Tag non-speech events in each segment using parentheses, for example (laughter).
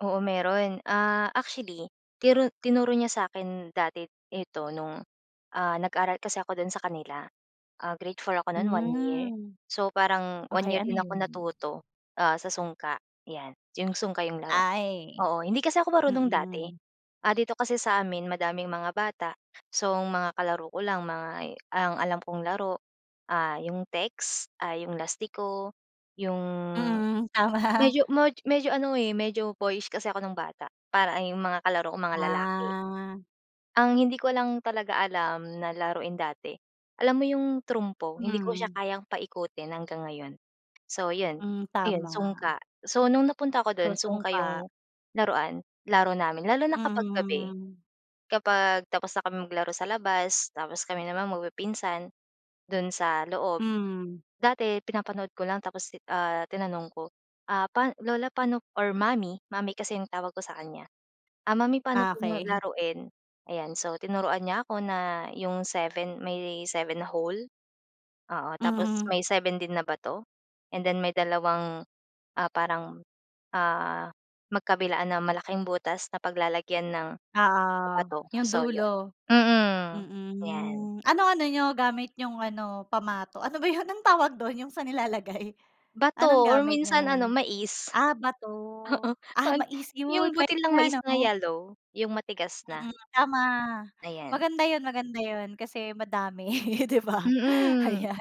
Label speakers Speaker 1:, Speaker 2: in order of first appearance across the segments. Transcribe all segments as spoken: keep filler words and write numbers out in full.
Speaker 1: Oo meron. Ah, actually, tiru tinuro niya sa akin dati ito no'ng, ah, nag-aaral kasi ako do'n sa kanila. Ah, Grade four ako no'n one year.
Speaker 2: Hmm.
Speaker 1: So, parang one
Speaker 2: Okey
Speaker 1: year
Speaker 2: ano,
Speaker 1: din ako
Speaker 2: 'yun?
Speaker 1: natuto, ah, sa sungka, 'yan. 'Yong sungka 'yong laro.
Speaker 2: Ay.
Speaker 1: Oo, hindi kasi ako marunong dati.
Speaker 2: Mm.
Speaker 1: Ah, dito kasi sa amin madaming mga bata. So, mga kalaro ko lang mga ang alam kong laro, ah, 'yong text, ah, 'yong lastiko, 'yong
Speaker 2: Mhm. Tama.
Speaker 1: medyo medyo ano, eh, medyo boyish kasi ako nung bata, parang 'yung mga kalaro ko mga lalaki.
Speaker 2: Ah.
Speaker 1: Ang hindi ko lang talaga alam na laruin dati, alam mo 'yung trumpo? Hindi ko siya
Speaker 2: Mm.
Speaker 1: kayang paikutin hanggang ngayon. So 'yun,
Speaker 2: Hmm,
Speaker 1: ayun
Speaker 2: tama.
Speaker 1: sungka. So, nung napunta ako
Speaker 2: So,
Speaker 1: dun sungka
Speaker 2: sungka.
Speaker 1: 'yung laruan, laro namin. Lalo na kapag gabi,
Speaker 2: Mhm.
Speaker 1: kapag tapos na kaming maglaro sa labas, tapos kami naman magpipinsan, do'n sa loob.
Speaker 2: Mhm.
Speaker 1: Dati pinapanood ko lang tapos, ti ah, tinanong ko. "Ah, pa lola pano" or mommy mommy kasi yung tawag ko sa kanya. "Ah, mommy pano po
Speaker 2: Okey. (chuckles)
Speaker 1: laruin?" Ayan, so tinuruan niya ako na 'yong seven may seven na hole, oo, tapos
Speaker 2: Mhm.
Speaker 1: may seven din na bato, and then may dalawang, ah, parang, ah, magkabilaan na malaking butas na paglalagyan ng
Speaker 2: Oo,
Speaker 1: bato.
Speaker 2: 'yung
Speaker 1: So,
Speaker 2: dulo.
Speaker 1: 'yun.
Speaker 2: Mm.
Speaker 1: Mm. 'Yan.
Speaker 2: Hmm. Ano ano niyo gamit nyong ano pamato? Ano ba 'yun ang tawag dun 'yung sa nilalagay? Anong
Speaker 1: Bato or
Speaker 2: gamit niyo
Speaker 1: minsan ano,
Speaker 2: nun?
Speaker 1: mais.
Speaker 2: Ah, bato,
Speaker 1: (chuckles) Oo.
Speaker 2: ah,
Speaker 1: 'Pag
Speaker 2: mais
Speaker 1: 'yung
Speaker 2: 'yun pwede
Speaker 1: butil ng
Speaker 2: nga,
Speaker 1: mais na
Speaker 2: 'no?
Speaker 1: yellow, 'yung matigas na.
Speaker 2: Mm. Tama.
Speaker 1: Ayan.
Speaker 2: Maganda 'yun maganda 'yun, kasi madami, (laughs) 'di ba,
Speaker 1: Mm.
Speaker 2: ayan.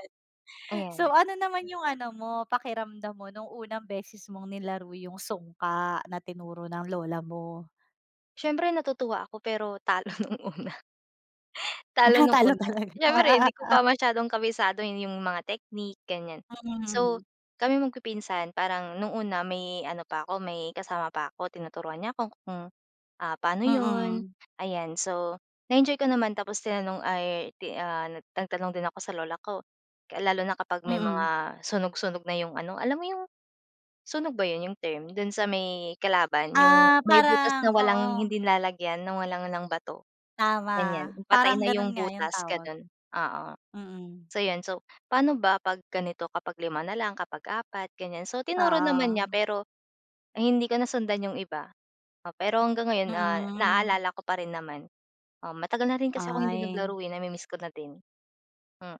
Speaker 2: So,
Speaker 1: Ayan.
Speaker 2: ano naman 'yung ano mo, pakiramdam mo nung unang beses mong nilaro 'yung sungka na tinuro ng lola mo?
Speaker 1: Siyempre natutuwa ako. Pero talo nung una. (chuckles) Talo
Speaker 2: Ah,
Speaker 1: nung
Speaker 2: talo
Speaker 1: una.
Speaker 2: talaga.
Speaker 1: Siyempre hindi ko pa
Speaker 2: (laughs)
Speaker 1: masyadong kabisado 'yung mga technique ganyan. So,
Speaker 2: Mm.
Speaker 1: kaming magpipinsan parang nung una may ano pa ako, may kasama pa ako tinuturuan niya 'ko kung, ah, paano 'yun,
Speaker 2: Mm.
Speaker 1: ayan. So, na-enjoy ko naman tapos tinanong ay ti ah, nagtanong din ako sa lola ko. Lalo na kapag may
Speaker 2: Mm.
Speaker 1: mga sunog sunog na 'yung ano alam mo 'yung Sunog ba 'yun 'yung term, dun sa may kalaban? 'Yung
Speaker 2: Ah,
Speaker 1: may butas
Speaker 2: parang,
Speaker 1: na walang
Speaker 2: oo.
Speaker 1: hindi nilalagyan ng walang lang bato.
Speaker 2: Tama,
Speaker 1: Ganyan patay
Speaker 2: parang
Speaker 1: na
Speaker 2: ganun
Speaker 1: 'yung
Speaker 2: nga 'yung
Speaker 1: butas,
Speaker 2: tawag.
Speaker 1: ganun. Oo.
Speaker 2: Mm.
Speaker 1: So, 'yun so, pano ba 'pag ganito kapag lima na lang, kapag apat ganyan. So, tinuro naman niya
Speaker 2: Oo.
Speaker 1: pero, hindi ko nasundan 'yung iba. Oh, pero hanggang ngayon, ah,
Speaker 2: Mm.
Speaker 1: naalala ko pa rin naman. Oo, matagal na rin kasi akong hindi
Speaker 2: Ay.
Speaker 1: naglaro, eh. Nami-miss ko na din. Mm.